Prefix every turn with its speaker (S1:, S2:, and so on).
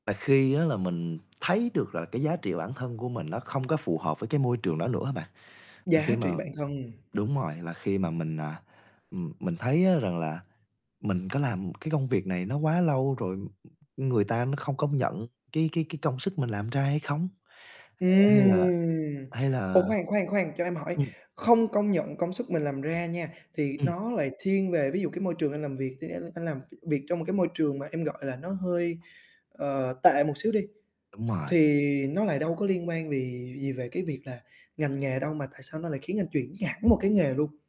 S1: Và khi á là mình thấy được là cái giá trị bản thân của mình nó không có phù hợp với cái môi trường đó nữa á bạn, à,
S2: Giá
S1: khi
S2: trị
S1: mà
S2: bản thân.
S1: đúng rồi, là khi mà mình, à, ừm, mình thấy, á, rằng là, mình có làm cái công việc này nó quá lâu rồi, ừm, ừm, người ta nó không công nhận cái cái cái công sức mình làm ra hay không? Ờ, hay là
S2: Ừm.
S1: hay
S2: Ồ,
S1: là
S2: khoan, khoan, khoan, cho em hỏi,
S1: ừm.
S2: không công nhận công sức mình làm ra nha, thì
S1: Ừm.
S2: nó lại thiên về ví dụ cái môi trường anh làm việc, anh anh anh làm t việc trong một cái môi trường mà em gọi là nó hơi, ờ, tệ một xíu đi,
S1: Đúng rồi.
S2: thì nó lại đâu có liên quan vì gì về cái việc là ngành nghề đâu mà tại sao nó lại khiến anh chuyển hẳn một cái nghề luôn?